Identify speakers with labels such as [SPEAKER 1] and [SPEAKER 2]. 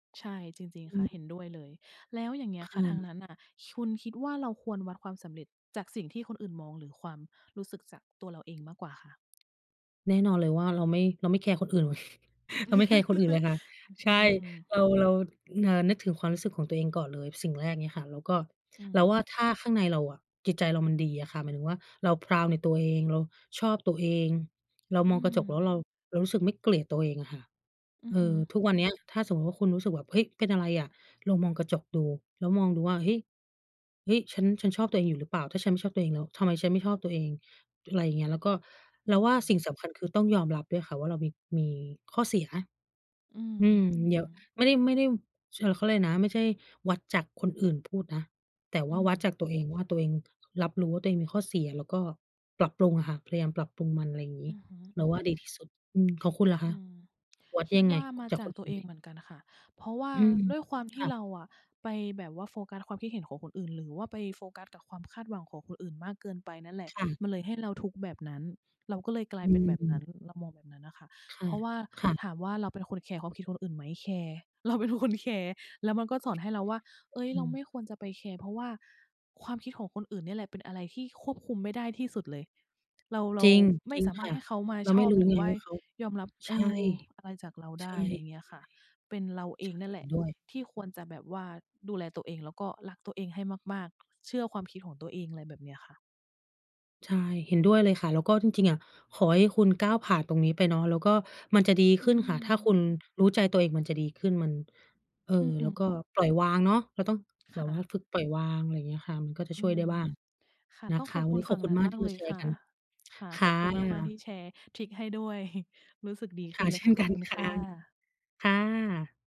[SPEAKER 1] ใช่ จริง
[SPEAKER 2] อ
[SPEAKER 1] ๆ ค่ะ
[SPEAKER 2] ืม
[SPEAKER 1] เห็นด้วยเลย แล้วอย่างเงี้
[SPEAKER 2] ค
[SPEAKER 1] ยค่
[SPEAKER 2] ่
[SPEAKER 1] ะ ทาง
[SPEAKER 2] ะ
[SPEAKER 1] นั้นน่ะ คุณคิดว่าเราควรวัดความสำเร็จจากสิ่งที่คนอื่นมอง หรือความรู้สึกจากตัวเราเองมากกว่าคะ?
[SPEAKER 2] แน่นอนเลยว่า เราไม่ เราไม่แคร์คนอื่น เราไม่แคร์คนอื่นเล
[SPEAKER 1] ฮ
[SPEAKER 2] ยค่ะ ใช
[SPEAKER 1] อื
[SPEAKER 2] ่
[SPEAKER 1] ม ๆ
[SPEAKER 2] เรา เรา เอ่อ นึกถึงความรู้สึกของตัวเองก่อนเลยสิ่งแรก งี้ค่ะ แล้วก็
[SPEAKER 1] อื
[SPEAKER 2] เราว่า
[SPEAKER 1] ม
[SPEAKER 2] ถ้าข้างในเราอะ จิตใจเรามันดีอะค่ะ หมายถึงว่าเรา พราวด์ ในตัวเอง เราชอบตัวเอง เรา
[SPEAKER 1] อ
[SPEAKER 2] ม
[SPEAKER 1] ื
[SPEAKER 2] องกระจกแล้วเ
[SPEAKER 1] ม
[SPEAKER 2] รา เรารู้สึกไม่เกลียดตัวเองอะค่ะ
[SPEAKER 1] อื
[SPEAKER 2] เ
[SPEAKER 1] อ
[SPEAKER 2] อ
[SPEAKER 1] ฮึ
[SPEAKER 2] อ ทุกวันเนี้ย ถ้าสมมุติว่าคุณรู้สึกแบบ "เฮ้ย เป็นอะไรอะ?" ลองมองกระจกดู แล้วมองดูว่า "เฮ้ย เฮ้ย ฉัน ฉันชอบตัวเองอยู่หรือเปล่า? ถ้าฉันไม่ชอบตัวเองแล้ว ทำไมฉันไม่ชอบตัวเอง?" อะไรอย่างเงี้ย แล้วก็
[SPEAKER 1] อื
[SPEAKER 2] เราว่า
[SPEAKER 1] ม
[SPEAKER 2] สิ่งสำคัญคือต้องยอมรับด้วยค่ะ ว่าเรามี มีข้อเสีย
[SPEAKER 1] อื
[SPEAKER 2] อืม เดี๋ย
[SPEAKER 1] ม
[SPEAKER 2] ว
[SPEAKER 1] ๆ ๆ
[SPEAKER 2] ไม่ได้ ไม่ได้ เชอ เขาเรียกไรนะ ไม่ใช่วัดจากคนอื่นพูดนะ แต่ว
[SPEAKER 1] อ
[SPEAKER 2] ่า
[SPEAKER 1] ื
[SPEAKER 2] วัด
[SPEAKER 1] ม
[SPEAKER 2] จากตัวเองว่าตัวเอง รับรู้ว่าตัวเองมีข้อเสีย แล้วก็ปรับปรุงอะค่ะ พยายามปรับปรุงมัน อะไรงี้
[SPEAKER 1] อือฮ
[SPEAKER 2] เราว่า
[SPEAKER 1] ึ
[SPEAKER 2] ดี
[SPEAKER 1] ๆ
[SPEAKER 2] ที่สุด อืม ของคุณล่ะค
[SPEAKER 1] อ
[SPEAKER 2] ะ
[SPEAKER 1] ืม
[SPEAKER 2] วัด
[SPEAKER 1] คิ
[SPEAKER 2] ย
[SPEAKER 1] ด
[SPEAKER 2] ังไ
[SPEAKER 1] ว
[SPEAKER 2] ง?
[SPEAKER 1] ่ามา
[SPEAKER 2] จา
[SPEAKER 1] จ
[SPEAKER 2] ก
[SPEAKER 1] า
[SPEAKER 2] ค
[SPEAKER 1] ก
[SPEAKER 2] น
[SPEAKER 1] ต
[SPEAKER 2] อ
[SPEAKER 1] ั
[SPEAKER 2] ื
[SPEAKER 1] ว
[SPEAKER 2] ่น
[SPEAKER 1] เอ
[SPEAKER 2] ไห
[SPEAKER 1] ง
[SPEAKER 2] ม?
[SPEAKER 1] เหมือนกันน่ะค่ะ เพราะว่า
[SPEAKER 2] อืม
[SPEAKER 1] ด้วยความท
[SPEAKER 2] ค
[SPEAKER 1] ี่
[SPEAKER 2] ่ะ
[SPEAKER 1] เราอะไปแบบว่าโฟกัสความคิดเห็นของคนอื่น หรือว่าไปโฟกัสกับความคาดหวังของคนอื่นมากเกินไปนั่นแหละ
[SPEAKER 2] ค่ะ
[SPEAKER 1] มันเลยให้เราทุกข์แบบนั้น เราก็เลยกลา
[SPEAKER 2] อ
[SPEAKER 1] ยเป็นแบบนั้
[SPEAKER 2] ืม
[SPEAKER 1] น เรามองแบบนั้นน่ะค่ะ
[SPEAKER 2] ค่
[SPEAKER 1] เพ
[SPEAKER 2] ะ
[SPEAKER 1] ราะว่า
[SPEAKER 2] ค่ะ
[SPEAKER 1] ถามว่าเราเป็นคนแคร์ความคิดของคนอื่นไหม แคร์ เราเป็นคนแคร์ แล้วมันก็สอนให้เราว่า เฮ้ย
[SPEAKER 2] อ
[SPEAKER 1] เ
[SPEAKER 2] ื
[SPEAKER 1] ราไ
[SPEAKER 2] ม
[SPEAKER 1] ม่ควรจะไปแคร์ เพราะว่าความคิดของคนอื่นเนี่ยแหละเป็นอะไรที่ควบคุมไม่ได้ที่สุดเลย เรา เร
[SPEAKER 2] จ
[SPEAKER 1] า
[SPEAKER 2] ริง
[SPEAKER 1] ไม
[SPEAKER 2] จ
[SPEAKER 1] ่
[SPEAKER 2] ริง
[SPEAKER 1] สามา
[SPEAKER 2] ค
[SPEAKER 1] ร
[SPEAKER 2] ่
[SPEAKER 1] ถ
[SPEAKER 2] ะ
[SPEAKER 1] ให้เขามา
[SPEAKER 2] เรา
[SPEAKER 1] ช
[SPEAKER 2] ไม่
[SPEAKER 1] อบ
[SPEAKER 2] รู้
[SPEAKER 1] หรือ
[SPEAKER 2] ไง
[SPEAKER 1] ว่า
[SPEAKER 2] ว่าเขา
[SPEAKER 1] ยอมรับ
[SPEAKER 2] ใช
[SPEAKER 1] เอ
[SPEAKER 2] ่
[SPEAKER 1] อ อะไรจากเรา
[SPEAKER 2] ใ
[SPEAKER 1] ไ
[SPEAKER 2] ช
[SPEAKER 1] ด
[SPEAKER 2] ่
[SPEAKER 1] ้ อะไรเงี้ยค่ะ เป็นเราเอ
[SPEAKER 2] ใช่
[SPEAKER 1] งนั่นแ
[SPEAKER 2] เห
[SPEAKER 1] ห
[SPEAKER 2] ็
[SPEAKER 1] ล
[SPEAKER 2] น
[SPEAKER 1] ะ
[SPEAKER 2] ด้วย
[SPEAKER 1] ที่ควรจะแบบว่า ดูแลตัวเอง แล้วก็รักตัวเองให้มาก ๆ เชื่อความคิดของตัวเอง ไรแบบเนี้ยค่ะ
[SPEAKER 2] ใช่ เห็นด้วยเลยค่ะ แล้วก็จริง ๆ อะขอให้คุณก้าวผ่านตรงนี้ไปเนาะ แล้วก็มันจะดี
[SPEAKER 1] อ
[SPEAKER 2] ข
[SPEAKER 1] ื
[SPEAKER 2] ึ้นค่ะ ถ้าค
[SPEAKER 1] ม
[SPEAKER 2] ุณรู้ใจตัวเองมันจะดีขึ้น มัน เอ่อ
[SPEAKER 1] อือฮ
[SPEAKER 2] แล้วก็
[SPEAKER 1] ึ
[SPEAKER 2] ปล่อยวางเนาะ เราต้องแ
[SPEAKER 1] ค
[SPEAKER 2] บ
[SPEAKER 1] ่
[SPEAKER 2] บว่า
[SPEAKER 1] ะ
[SPEAKER 2] ฝึกปล่อยวาง ไรเงี้ยค่ะ มันก็จะ
[SPEAKER 1] อื
[SPEAKER 2] ช่วยได้
[SPEAKER 1] ม
[SPEAKER 2] บ้าง
[SPEAKER 1] ค่ะ
[SPEAKER 2] นะ
[SPEAKER 1] ต้อง
[SPEAKER 2] ค
[SPEAKER 1] ข
[SPEAKER 2] ะ
[SPEAKER 1] อบ
[SPEAKER 2] วั
[SPEAKER 1] ค
[SPEAKER 2] น
[SPEAKER 1] ุ
[SPEAKER 2] นี
[SPEAKER 1] ณ
[SPEAKER 2] ้
[SPEAKER 1] ฝ
[SPEAKER 2] ขอ
[SPEAKER 1] ั
[SPEAKER 2] บ
[SPEAKER 1] ่ง
[SPEAKER 2] คุ
[SPEAKER 1] น
[SPEAKER 2] ณ
[SPEAKER 1] ั้น
[SPEAKER 2] มาก
[SPEAKER 1] ม
[SPEAKER 2] ท
[SPEAKER 1] า
[SPEAKER 2] ี่
[SPEAKER 1] กเ
[SPEAKER 2] ม
[SPEAKER 1] ล
[SPEAKER 2] า
[SPEAKER 1] ย
[SPEAKER 2] แช
[SPEAKER 1] ค
[SPEAKER 2] ร์
[SPEAKER 1] ่
[SPEAKER 2] ก
[SPEAKER 1] ะ
[SPEAKER 2] ัน
[SPEAKER 1] ค่ะ
[SPEAKER 2] ค
[SPEAKER 1] ข
[SPEAKER 2] ่
[SPEAKER 1] อบคุณมาก ๆ ท
[SPEAKER 2] ะ
[SPEAKER 1] ี่แชร์ทริกให้ด้วย รู้สึกดี
[SPEAKER 2] ค
[SPEAKER 1] ขึ
[SPEAKER 2] ่
[SPEAKER 1] ้
[SPEAKER 2] ะ
[SPEAKER 1] นเล
[SPEAKER 2] เ
[SPEAKER 1] ย
[SPEAKER 2] ช
[SPEAKER 1] ค
[SPEAKER 2] ่
[SPEAKER 1] ่
[SPEAKER 2] น
[SPEAKER 1] ะ ข
[SPEAKER 2] กั
[SPEAKER 1] อบ
[SPEAKER 2] น
[SPEAKER 1] คุณ
[SPEAKER 2] ค่
[SPEAKER 1] ค
[SPEAKER 2] ะ
[SPEAKER 1] ่ะ
[SPEAKER 2] ค่ะ